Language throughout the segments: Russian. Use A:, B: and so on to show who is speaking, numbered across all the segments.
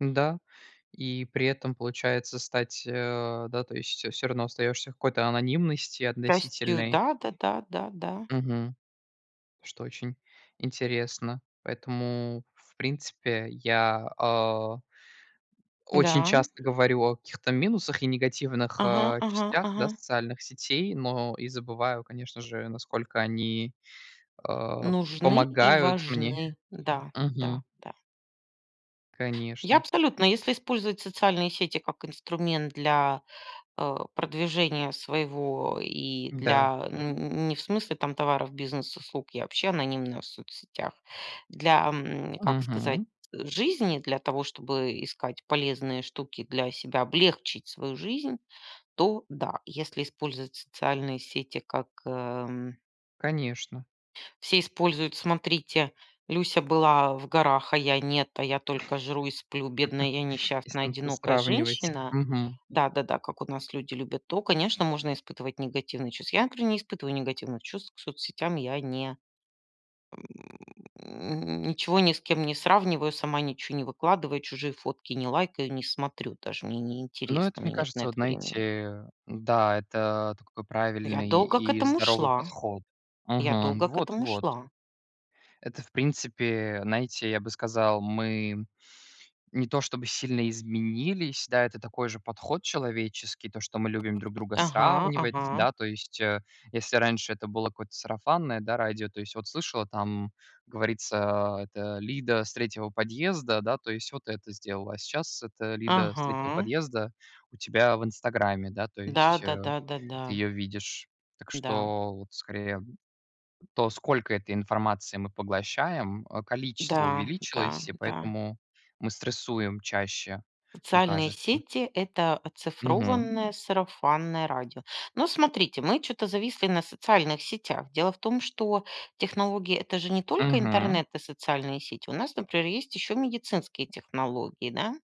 A: Н-да. И при этом получается стать, а, да, то есть, э, всё равно остаёшься в какой-то анонимности
B: Счастью,
A: относительной.
B: да-да-да. Да. Да.
A: Мгм. Что очень интересно. Поэтому в принципе я, а очень
B: Да.
A: часто говорю о каких-то минусах и негативных,
B: Ага.
A: а,
B: Ага.
A: частях, да,
B: Ага.
A: социальных сетей, но и забываю, конечно же, насколько они, а,
B: Нужны и
A: помогают мне.
B: важны. Да, да,
A: Мгм.
B: да. Я
A: Конечно.
B: абсолютно если использовать социальные сети, как инструмент для, э, продвижения своего и
A: Да.
B: для н н не в смысле, там, товаров, бизнес услуг. Я вообще анонимно в соцсетях. Для, ам, как сказать,
A: Мгм.
B: жизни, для того, чтобы искать полезные штуки для себя, облегчить свою жизнь, то, да. Если использовать социальные сети, как, эм
A: Конечно.
B: все используют: смотрите, Люся была в горах, а я нет, а я только жру и сплю, бедная я
A: Если
B: несчастная
A: там всё
B: одинокая
A: сравнивать.
B: женщина.
A: Мгм.
B: Да-да-да, как у нас люди любят то, конечно, можно испытывать негативные чувства. Я, например, не испытываю негативных чувств, к соцсетям я не ничего ни с кем не сравниваю, сама ничего не выкладываю, чужие фотки не лайкаю, не смотрю, даже мне
A: Ну, это
B: неинтересно,
A: мне
B: мне нет на
A: кажется, вот,
B: это времени.
A: знаете, да, это такой
B: Я
A: правильный
B: долго к
A: и
B: этому
A: здоровый
B: шла.
A: подход.
B: Я
A: Мгм.
B: долго к этому
A: Вот-вот.
B: шла.
A: Это в принципе, знаете, я бы сказал, мы не то, чтобы сильно изменились. Да, это такой же подход человеческий, то, что мы любим друг друга
B: Ага,
A: сравнивать.
B: ага.
A: Да. То есть, э, если раньше это было какое-то сарафанное, да, радио. То есть вот слышала, там, говорится, а, эта Лида с 3 подъезда, да, то есть вот это сделала. А сейчас эта Лида с 3
B: Ага.
A: подъезда у тебя в инстаграме, да. То
B: Да.
A: есть, э,
B: Да-да.
A: ты
B: Да-да.
A: её видишь. Так
B: Да.
A: что, вот скорее то, сколько этой информации мы поглощаем, а, количество
B: Да. Да.
A: увеличилось, и
B: Да.
A: поэтому мы стрессуем чаще, мне
B: Социальные
A: кажется.
B: сети- это
A: Мгм.
B: оцифрованное сарафанное радио. Но смотрите, мы чё-то зависли на социальных сетях. Дело в том, что технологии- это же не только
A: Мгм.
B: интернет и социальные сети. У нас, например, есть еще медицинские технологии, да.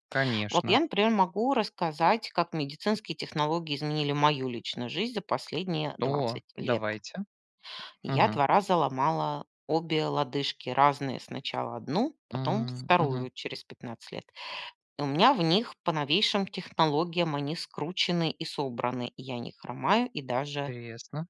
B: Вот
A: Конечно.
B: я, например, могу рассказать, как медицинские технологии изменили мою личную жизнь за последние
A: О,
B: 20 лет.
A: давайте.
B: Я
A: Мгм.
B: 2 раза ломала обе лодыжки. Разные. Сначала 1, потом
A: М. Мгм.
B: 2 через 15 лет. И у меня в них по новейшим технологиям они скручены и собраны. Я не хромаю и даже
A: Интересно.